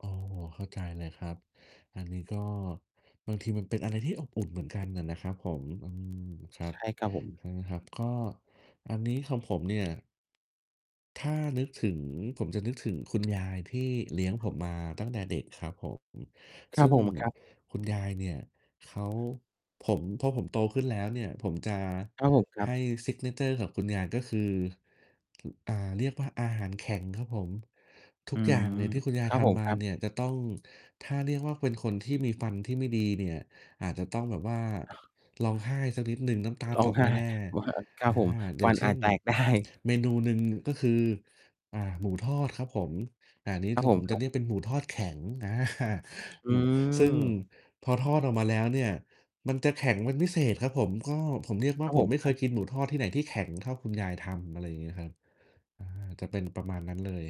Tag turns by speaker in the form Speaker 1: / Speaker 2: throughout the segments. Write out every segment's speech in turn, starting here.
Speaker 1: อ๋อ เข้าใจเลยครับ อันนี้ก็บางทีมันเป็นอะไรที่อบอุ่นเหมือนกันอะนะครับผม อืม ครั
Speaker 2: ใช
Speaker 1: บ
Speaker 2: ่ครับผม
Speaker 1: อืม ครับ ก็อันนี้ของผมเนี่ย ถ้านึกถึงผมจะนึกถึงคุณยายที่เลี้ยงผมมาตั้งแต่เด็กครับผม
Speaker 2: คร
Speaker 1: ซ
Speaker 2: ับ
Speaker 1: ึ่ง
Speaker 2: ผมครับ
Speaker 1: คุณยายเนี่ยเขา ผม พอผมโตขึ้นแล้วเนี่ยผมจะ
Speaker 2: ครับผมครั
Speaker 1: ให
Speaker 2: บ
Speaker 1: ้ signature กับคุณยายก็คือ อ อ่า เรียกว่าอาหารแข็งครับผม ทุ
Speaker 2: อื
Speaker 1: กอย่
Speaker 2: ม
Speaker 1: างเนี่ยที่คุณยา
Speaker 2: ค
Speaker 1: ย
Speaker 2: รับ
Speaker 1: ท
Speaker 2: ผม
Speaker 1: ำม
Speaker 2: ค
Speaker 1: า
Speaker 2: รับ
Speaker 1: เนี่ยจะต้อง ถ้าเรียกว่าเป็นคนที่มีฟันที่ไม่ดีเนี่ย อาจจะต้องแบบว่าร้องไห้สักนิดหนึ่ง น้ำตา
Speaker 2: ร้
Speaker 1: ต
Speaker 2: อง
Speaker 1: ก
Speaker 2: ไห
Speaker 1: แ
Speaker 2: ้
Speaker 1: น่
Speaker 2: ว อา ค
Speaker 1: ๆ
Speaker 2: ร
Speaker 1: อ
Speaker 2: ั
Speaker 1: ่
Speaker 2: บ
Speaker 1: า
Speaker 2: ผม
Speaker 1: อย
Speaker 2: ฟ
Speaker 1: ่า
Speaker 2: ั
Speaker 1: ง
Speaker 2: น
Speaker 1: เช
Speaker 2: อ
Speaker 1: ่
Speaker 2: าจ
Speaker 1: น
Speaker 2: แตก ได้
Speaker 1: เมนูหนึ่งก็คือ อ่า หมูทอดครับผม อ่า นี้
Speaker 2: คร
Speaker 1: ท
Speaker 2: ับ
Speaker 1: าง
Speaker 2: ผ
Speaker 1: ผ
Speaker 2: ม
Speaker 1: ม
Speaker 2: ค
Speaker 1: จะ
Speaker 2: รั
Speaker 1: เ
Speaker 2: บ
Speaker 1: รียกเป็นหมูทอดแข็ง อา
Speaker 2: อื
Speaker 1: อืม ซึ่ง
Speaker 2: ม
Speaker 1: พอทอดออกมาแล้วเนี่ยมันจะแข็งเป็นพิเศษครับผม ก็ผมเรียกว่
Speaker 2: ค
Speaker 1: า
Speaker 2: รับ
Speaker 1: ผ
Speaker 2: ผ
Speaker 1: ม
Speaker 2: ม
Speaker 1: ไม่
Speaker 2: ค
Speaker 1: เค
Speaker 2: รั
Speaker 1: ย
Speaker 2: บ
Speaker 1: กินหมูทอดที่ไหนที่แข็งเท่าคุณยายทำ อะไรอย่างงี้ครับ อา จะเป็นประมาณนั้นเลย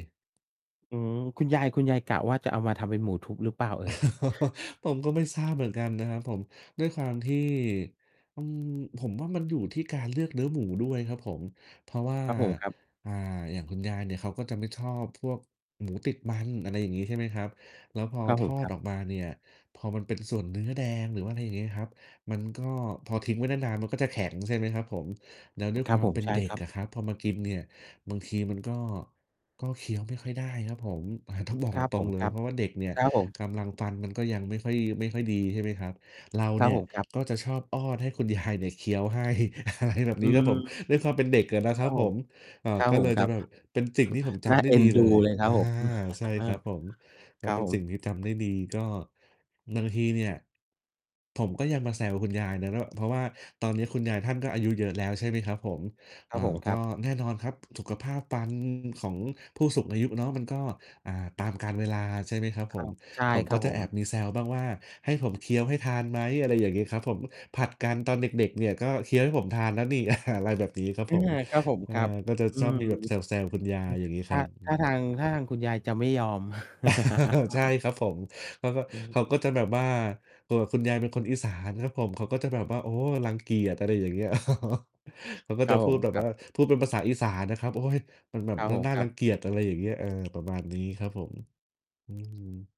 Speaker 2: อืม คุณยาย คุณยายกะว่าจะเอามาทำเป็นหมูทุบหรือเปล่าเอ่ย?
Speaker 1: ผมก็ไม่ทราบเหมือนกันนะครับผม ด้วยความที่ อืม ผมว่ามันอยู่ที่การเลือกเนื้อหมูด้วยครับผม เพราะว่า
Speaker 2: ครับผมครับ
Speaker 1: อ่า อย่างคุณยายเนี่ย เขาก็จะไม่ชอบพวกหมูติดมัน อะไรอย่างงี้ ใช่ไหมครับ แล้วพอ
Speaker 2: ครับ
Speaker 1: ท
Speaker 2: ผม
Speaker 1: อ
Speaker 2: ค
Speaker 1: ด
Speaker 2: รับ
Speaker 1: ออกมาเนี่ย พอมันเป็นส่วนเนื้อแดง หรือว่า ไรเงี้ยครับ มันก็ พอทิ้งไว้นาน ๆ มันก็จะแข็งใช่ไหมครับผม แล้วด้วย
Speaker 2: ค
Speaker 1: ค
Speaker 2: รับ
Speaker 1: วาม
Speaker 2: ผ
Speaker 1: เ
Speaker 2: ม
Speaker 1: ป็น
Speaker 2: ใช่
Speaker 1: เด็
Speaker 2: ค
Speaker 1: ก
Speaker 2: รับ
Speaker 1: อะครับ พอมากินเนี่ย บางทีมันก็ ก็เคี้ยวไม่ค่อยได้ครับผม อ่า ต้องบอก
Speaker 2: ครับ
Speaker 1: ตร
Speaker 2: ผ
Speaker 1: ง
Speaker 2: ม
Speaker 1: ๆ เล
Speaker 2: ค
Speaker 1: ย
Speaker 2: รั
Speaker 1: เ
Speaker 2: บ
Speaker 1: พราะว่าเด็กเนี่ย
Speaker 2: ครับผม
Speaker 1: กำลังฟันมันก็ยังไม่ค่อย ไม่ค่อยดีใช่ไหมครับ เรา
Speaker 2: คร
Speaker 1: เน
Speaker 2: ับ
Speaker 1: ี่ย
Speaker 2: ผม ครับ
Speaker 1: ก็จะชอบอ้อนให้คุณ ยาย เนี่ยเคี้ยวให้ อะไรแบบ
Speaker 2: อ
Speaker 1: น
Speaker 2: ื
Speaker 1: ี้ครับผม
Speaker 2: ม
Speaker 1: ด้วยความเป็นเด็กอะนะ
Speaker 2: ค
Speaker 1: ค
Speaker 2: ร
Speaker 1: ร
Speaker 2: ั
Speaker 1: ั
Speaker 2: บ
Speaker 1: บ
Speaker 2: ผ
Speaker 1: ผ
Speaker 2: ม
Speaker 1: ม เอ่
Speaker 2: ค
Speaker 1: อ
Speaker 2: รับ
Speaker 1: ก็
Speaker 2: ผ
Speaker 1: เล
Speaker 2: ม
Speaker 1: ย
Speaker 2: ครับ
Speaker 1: แบบเป็นสิ่งที่ผมจ
Speaker 2: น่า
Speaker 1: ำได
Speaker 2: เ
Speaker 1: ้
Speaker 2: อ็
Speaker 1: ด
Speaker 2: น
Speaker 1: ี
Speaker 2: ด
Speaker 1: เล
Speaker 2: ู
Speaker 1: ย
Speaker 2: เลยคร
Speaker 1: อ
Speaker 2: ั
Speaker 1: า
Speaker 2: บผม
Speaker 1: ใช่
Speaker 2: เออ
Speaker 1: ครับผม ม
Speaker 2: ค
Speaker 1: ั
Speaker 2: ร
Speaker 1: น
Speaker 2: ับ
Speaker 1: เป็น
Speaker 2: ผ
Speaker 1: สิ่ง
Speaker 2: ม
Speaker 1: ที่จำได้ดี ก็บางทีเนี่ย ผมก็ยังมาแซวคุณยายนะ แล้วแบบ เพราะว่าตอนนี้คุณยายท่านก็อายุเยอะแล้ว ใช่ไหมครับผม
Speaker 2: ครั
Speaker 1: อ่า
Speaker 2: บผมค
Speaker 1: ก
Speaker 2: รั
Speaker 1: ็
Speaker 2: บ
Speaker 1: แน่นอนครับสุขภาพฟันของผู้สูงอายุเนาะ มันก็ อ่า ตามกาลเวลาใช่ไหมครับ
Speaker 2: ค
Speaker 1: ผ
Speaker 2: รั
Speaker 1: ม
Speaker 2: บ ใช่
Speaker 1: ผม
Speaker 2: ค
Speaker 1: ก
Speaker 2: รั
Speaker 1: ็
Speaker 2: บ
Speaker 1: จ
Speaker 2: ผ
Speaker 1: ะแอ
Speaker 2: ม
Speaker 1: บมีแซวบ้างว่า ให้ผมเคี้ยวให้ทานไหม อะไรอย่างงี้ครับผม ผลัดกันตอนเด็ก ๆ เนี่ยก็เคี้ยวให้ผมทานแล้วนี่ อ่า อะไรแบบนี้ครับ
Speaker 2: อา
Speaker 1: ผม
Speaker 2: ครับผม
Speaker 1: อ
Speaker 2: ค
Speaker 1: า
Speaker 2: รับ
Speaker 1: ก็จะ
Speaker 2: อื
Speaker 1: ชอบ
Speaker 2: ม
Speaker 1: มีแบบแซว ๆ คุณยา
Speaker 2: อ
Speaker 1: ยอย่างงี้
Speaker 2: ท
Speaker 1: ค
Speaker 2: ่
Speaker 1: ร
Speaker 2: า
Speaker 1: ับ อ
Speaker 2: ท
Speaker 1: ื
Speaker 2: ่าท
Speaker 1: อ
Speaker 2: าง ท่าทางคุณยายจะไม่ยอม
Speaker 1: ใช่ครับผม เขาก็
Speaker 2: อือฮ
Speaker 1: เข
Speaker 2: ึ
Speaker 1: าก็จะแบบว่า ตัวคุณยายเป็นคนอีสานครับผม เขาก็จะแบบว่า รังเกียจ อะไรอย่างเงี้ย เขาก็
Speaker 2: คร
Speaker 1: จะ
Speaker 2: ับ
Speaker 1: พ
Speaker 2: ผ
Speaker 1: ู
Speaker 2: ม
Speaker 1: ดแบบ
Speaker 2: คร
Speaker 1: ว
Speaker 2: ั
Speaker 1: ่า
Speaker 2: บ
Speaker 1: พูดเป็นภาษาอีสานนะครับ โอ๊ย มันแบบ
Speaker 2: ครับ
Speaker 1: มั
Speaker 2: ผ
Speaker 1: น
Speaker 2: ม
Speaker 1: น่า น่า
Speaker 2: คร
Speaker 1: ร
Speaker 2: ั
Speaker 1: ั
Speaker 2: บ
Speaker 1: งเกียจ อะไรอย่างเงี้ย เออ ประมาณนี้ครับผม อืม